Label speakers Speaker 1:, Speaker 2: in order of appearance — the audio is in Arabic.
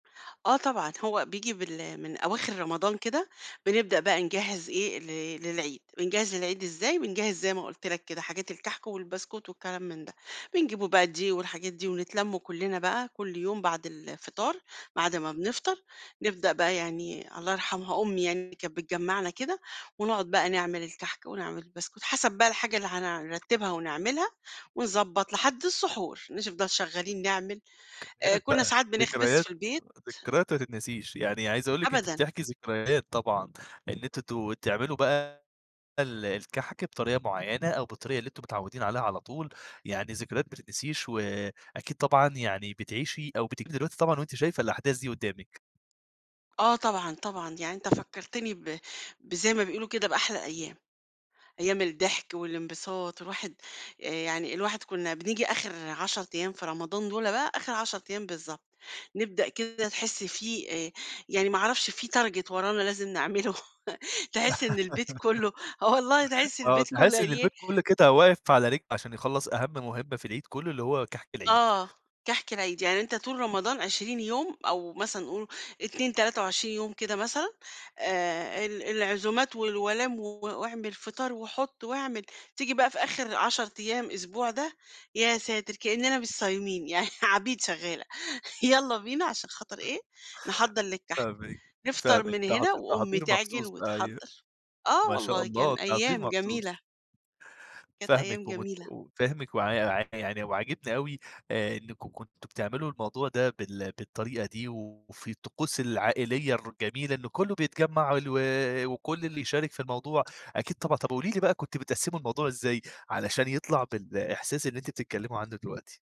Speaker 1: آه طبعًا، هو بييجي بال من أواخر رمضان كده، بنبدأ بقى نجهز إيه ل للعيد، بنجهز للعيد إزاي، بنجهز زي ما قُلت لك كده حاجات الكحك والبسكوت والكلام من ده، بنجيب بقى دقيق والحاجات دي، ونتلم كُلنّا بقى كُلّ يوم بعد الفطار، بعد ما بنفطر، نبدأ بقى يعني الله يرحمها أمي يعني اللي كانت بتجمعنا كده، ونقعد بقى نعمل الكحك ونعمل البسكوت، حسب بقى الحاجة اللي هن نرتبها ونعملها، ونضبط لحد السحور، نش نفضل شغالين نعمل، آآ
Speaker 2: ذكريات
Speaker 1: كنّا
Speaker 2: بقى
Speaker 1: ساعات بنخبز
Speaker 2: ذكريات
Speaker 1: في البيت.
Speaker 2: ذكريات ما تتنسيش، يعني عايز أقول لِك أنتِ
Speaker 1: أبدًا.
Speaker 2: بتحكي ذكريات طبعًا، إن أنتم ت بتعملوا بقى ال الكحك بطريقة مُعيّنة، أو بالطريقة اللي أنتم متعودين عليها على طول، يعني ذكريات ما تتنسيش، وأكيد طبعًا يعني بتعيشي أو بتيجي دلوقتي طبعًا وأنتِ شايفة الأحداث دي قدّامِك.
Speaker 1: آه طبعًا، طبعًا، يعني أنت فكّرتني ب بزي ما بيقولوا كده بأحلى أيام، أيام الضحك والانبساط، والواحد آآ يعني الواحد كُنّا بنيجي آخر 10 أيام في رمضان دُولّة بقى، آخر 10 أيام بالضبط، نبدأ كده تحس في آآ يعني ما أعرفش في Target ورانا لازم نعمله تحِسّ إن البيت كُلّه آه، والله تحِسّ
Speaker 2: آه،
Speaker 1: البيت كُلّه
Speaker 2: تحسي
Speaker 1: قال
Speaker 2: إن
Speaker 1: إيه
Speaker 2: البيت كُلّه كده واقف على رجل، علشان يخلَّص أهم مهمة في العيد كُلّه، اللي هو كحك العيد.
Speaker 1: آه، كحك العيد، يعني أنت طول رمضان 20 يوم أو مثلًا قُل 2 23 يوم كده مثلًا، آآ ال العزومات والولايم و وأعمل فطار، وحُط واعمل، تيجي بقى في آخر 10 أيام أسبوع ده، يا ساتر كأننا مش صايمين يعني عبيد شغاّلة، يالّا بينا عشان خاطر إيه، نحضر للكحك،
Speaker 2: فاهمِك،
Speaker 1: نفطر
Speaker 2: فاهمِك
Speaker 1: من
Speaker 2: تحض
Speaker 1: هنا وأمي
Speaker 2: تحضير
Speaker 1: تعجن
Speaker 2: مخصوص أيوه
Speaker 1: وتحضّر، آه،
Speaker 2: ما شاء
Speaker 1: والله
Speaker 2: الله
Speaker 1: كان
Speaker 2: تحضير
Speaker 1: أيام
Speaker 2: مخصوص.
Speaker 1: جميلة. كانت أيام
Speaker 2: فاهمِك ومت
Speaker 1: جميلة.
Speaker 2: وفاهمِك [unintelligible] يعني وعاجبني أوي آآ إنّكم كنتم بتعملوا الموضوع ده بال بالطريقة دي، وفي الطقوس العائلية الر الجميلة إنه كُلّه بيتجمع ال و وكُلّ اللي يشارك في الموضوع، أكيد طبعًا طَب قولي لي بقى كنتم بتقسموا الموضوع إزاي، علشان يطلع بالإحساس اللي أنتِ بتتكلموا عنّه دلوقتي؟